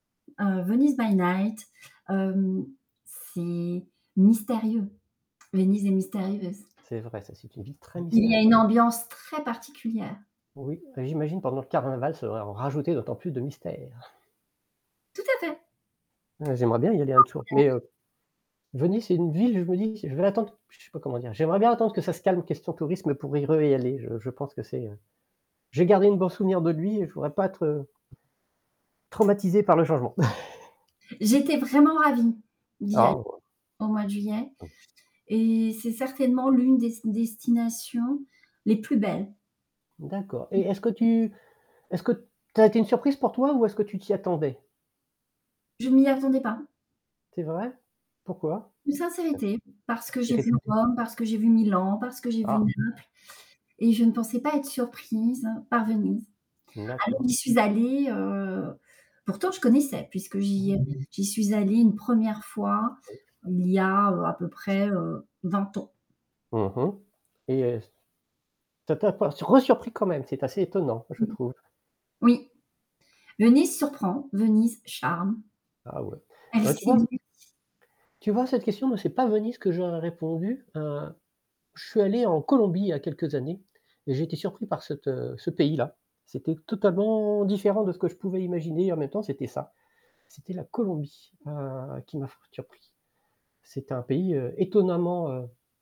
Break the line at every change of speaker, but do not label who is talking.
Heu, Venise by night, hem, c'est mystérieux. Venise est mystérieuse.
C'est vrai ça, c'est une ville très
Il y
mystérieu
a une ambiance très particulière.
Oui, heu, j'imagine pendant le carnaval, ça devrait en rajouter d'autant plus de mystères.
Tout à fait!
Ah j'aimerais bien y aller un [unintelligible] mais heu Venise, c'est une ville où je me dis: «Je vais l'attendre» j je sais pas comment dire? J'aimerais bien attendre que ça se calme, en question tourisme, pour y re y aller. Je je pense que c'est, heu j'ai gardé une bon souvenir de lui et je voudrais pas être, heu
[unintelligible]
traumatisé par le changement.
J'étais vraiment ravie d'y aller
[unintelligible]
au mois de juillet.
[unintelligible]
Et c'est certainement l'une des s destinations les plus belles.
D'accord, et est-ce que
[unintelligible]
tu est-ce que tu t a été une surprise pour toi ou est-ce que tu t'y attendais?
Je m'y attendais pas.
C'est vrai? Pourquoi?
Une
[unintelligible]
sincérité, parce que
C'est
j'ai vu
réputé.
Rome, parce que j'ai vu Milan, parce que j'ai vu
Ah!
Naples, et je ne pensais pas être surprise par Venise.
N
Alors,
d'accord.
j'y suis allée, heu, pourtant je connaissais, puisque
Mmh
j'y
mh.
avais j'y suis allée une 1re fois,
Mmh
il y a, heu, à peu
mh.
près, heu, 20 ans.
Mmh mh. Et heu est-ce tu a tu a pas resurpris quand même, c'est assez étonnant, je
Mmh
trouve.
Oui, Venise surprend, Venise charme,
Ah ouais, et
elle
bah tu vois
séduit.
Tu vois, à cette question, non, c'est pas Venise ce que j'aurais répondu, heu. Je suis allé en Colombie il y a quelques années et j'ai été surpris par cette heu ce pays-là. C'était totalement différent de ce que je pouvais imaginer et en même temps, c'était ça. C'était la Colombie, heu, qui m'a fort surpris. C'était un pays, heu, étonnamment, heu